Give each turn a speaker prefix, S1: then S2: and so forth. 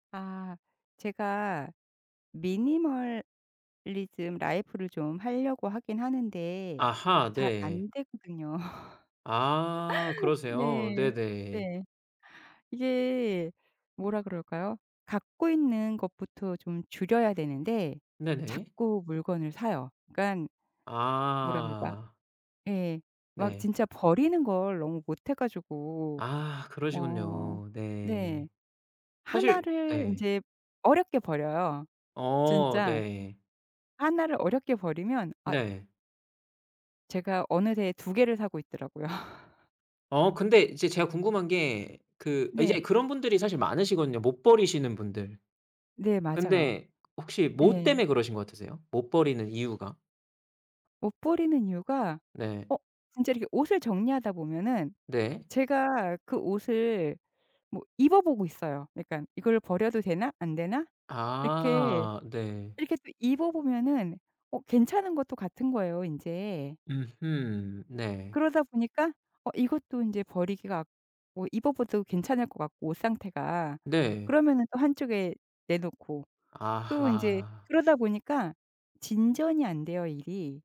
S1: 아 제가 미니멀리즘 라이프를 좀 할려고 하긴 하는데
S2: 아하.
S1: 잘
S2: 네.
S1: 안되거든요.
S2: 아 그러세요.
S1: 네.
S2: 네네.
S1: 네. 이게 뭐라 그럴까요? 갖고 있는 것부터 좀 줄여야 되는데
S2: 네네.
S1: 자꾸 물건을 사요. 그니깐 뭐라 그럴까?
S2: 아.
S1: 예. 막
S2: 네.
S1: 진짜 버리는 걸 너무 못해 가지고
S2: 아
S1: 어
S2: 그러시군요.
S1: 네.
S2: 네.
S1: 1
S2: 사실
S1: 를
S2: 네.
S1: 인제 어렵게 버려요,
S2: 어
S1: 진짜.
S2: 네.
S1: 1를 어렵게 버리면 아
S2: 네.
S1: 제가 어느새에 2 개를 사고 있더라고요.
S2: 어 근데 이제 제가 궁금한 게 그 이제
S1: 네.
S2: 그런 분들이 사실 많으시거든요, 못 버리시는 분들.
S1: 네 맞아요.
S2: 근데 혹시 뭐
S1: 예.
S2: 때문에 그러신 것 같으세요? 못 버리는 이유가?
S1: 못 버리는 이유가
S2: 네.
S1: 어 진짜 이렇게 옷을 정리하다 보면은
S2: 네.
S1: 제가 그 옷을 뭐 입어보고 있어요, 약간. '이걸 버려도 되나 안 되나?' 이렇게,
S2: 아 네.
S1: 이렇게 또 입어보면 어 괜찮은 것도 같은 거예요, 인제.
S2: 음흠 네.
S1: 그러다 보니까 어 이것도 인제 버리기가 아 어 입어봐도 괜찮을 것 같고, 옷 상태가.
S2: 네.
S1: 그러면은 또 한쪽에 내놓고 또 인제
S2: 아하.
S1: 그러다 보니까 진전이 안 돼요, 일이.